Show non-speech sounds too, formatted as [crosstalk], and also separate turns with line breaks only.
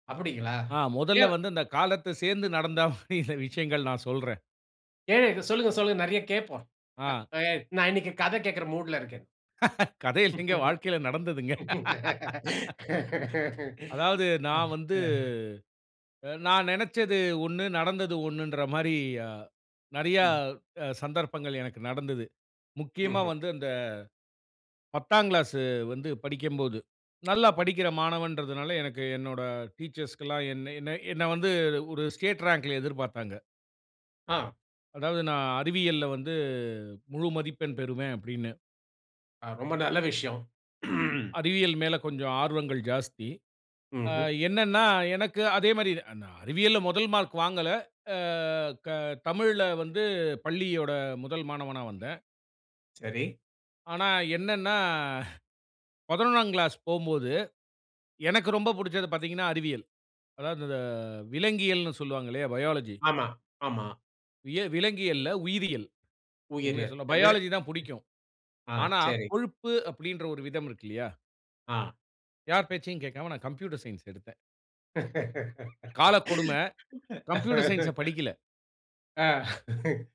அப்படிங்களா?
ஆ மொதல்ல
எவ்
வந்து அந்த காலத்த சேந்து நடந்தா, சில விஷயங்கள் நான் சொல்றேன்.
ஏன் இத சொல்லுங்க, சொல்லுங்க நிறையா கேப்போம். அ
ஆ.
நா எ நான் இன்னிக்கு கதை கேக்கற மூட்ல இருக்கேன்.
கதை இல்லங்க. வாழ்க்கையில நடந்ததுங்க. அதாவது நான் வந்து,
[laughs]
அ நான் நெனச்சது ஒண்ணு, நடந்தது ஒண்ணுன்ற மாரி, யா நெறையா
ம்.
அ சந்தர்ப்பங்கள் எனக்கு நடந்தது. முக்கியமா
ம்ஹ்ம்.
வந்து அந்த, 10 ஆங்க்ளாசு வந்து படிக்கம்போது, நல்லா படிக்கிற மாணவன்றதுனால, எனக்கு என்னோட டீச்சர்ஸ்க்குல்லாம் என்னை, என்ன, என்ன வந்து ஒரு ஸ்டேட் ரேங்க்ல எதிர்பாத்தாங்க.
ஆ.
அதாவது நான் அறிவியல்ல வந்து முழு மதிப்பெண் பெறுவேன், அப்டின்னு.
அ ரொம்ப நல்ல விஷயம். [clears throat]
அறிவியல் மேல கொஞ்சம் ஆர்வங்கள் ஜாஸ்தி. ஆ
ம்ஹ்ம்.
என்னன்னா, எனக்கு அதே மாரி, அ நான் அறிவியல்ல முதல் மார்க் வாங்கல. அ க தமிழ்ல வந்து பள்ளியோட முதல் மாணவனா வந்தேன்.
சரி.
ஆனா என்னான்னா, 11ஆம் க்ளாஸ் போம்போது, எனக்கு ரொம்ப புடிச்சது பாத்தீங்கன்னா, அறிவியல். அதாவது இந்த விலங்கியல்ன்னு சொல்வாங்கல்லையா, பயாலஜி.
ஆமா, ஆமா.
விய விலங்கியல்ல, உயிரியல். உண்மைய
உயிரு.
சொல்ல,
வே
பயாலஜி தான் புடிக்கும்.
ஆ,
ஆனா,
சரி.
கொழுப்பு அப்டின்ற ஒரு விதம் இருக்கு இல்லையா,
ஆ.
யார் பேச்சையும் கேக்காம நான் கம்ப்யூட்டர் சயின்ஸ் எடுத்தேன். காலக்கொடும, கம்ப்யூட்டர் சயன்ஸ்ஸ
[laughs]
படிக்கல.
அ, [chuckles]